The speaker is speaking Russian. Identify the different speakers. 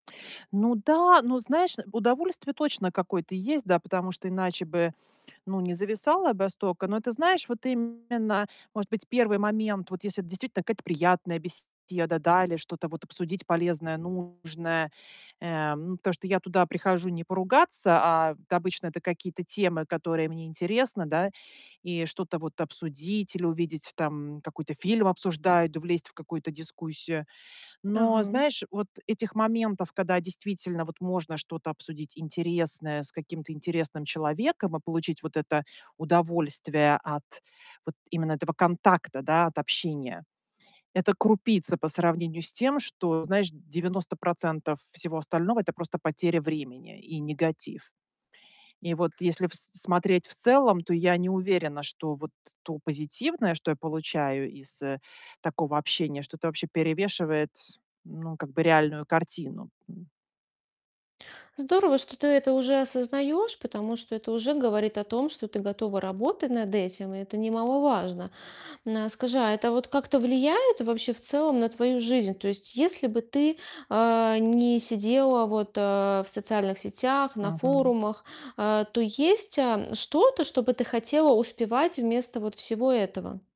Speaker 1: Ну да. Ну, знаешь, удовольствие точно какое-то есть, да, потому что иначе бы, ну, не зависала б столько. Но, ты знаешь, вот именно, может быть, 1 момент, вот если это действительно какая-то приятная беседа, да? Или что-то вот обсудить полезное, нужное, э, ну, потому что я туда прихожу не поругаться, а, да обычно, это какие-то темы, которые мне интересны, да. И что-то вот обсудить или увидеть, там какой-то фильм обсуждают, влезть в какую-то дискуссию. Но,
Speaker 2: Ага.
Speaker 1: знаешь, вот этих моментов, когда действительно вот можно что-то обсудить интересное с каким-то интересным человеком и получить вот это удовольствие от вот именно этого контакта, да, от общения- это крупица по сравнению с тем, что, знаешь, 90 % всего остального- это просто потеря времени и негатив. И вот если в с смотреть в целом, то я не уверена, что вот то позитивное, что я получаю из, э, такого общения, что-то вообще перевешивает, ну, как бы реальную картину, м.
Speaker 2: Здорово, что ты это уже осознаёшь, потому что это уже говорит о том, что ты готова работать над этим. И это немаловажно. На скажи, а это вот как-то влияет вообще в целом на твою жизнь? То есть если бы ты, э, не сидела вот, э, в социальных сетях, на
Speaker 1: Мгм.
Speaker 2: форумах, э, то есть, а, что-то, что бы ты хотела успевать вместо вот всего этого?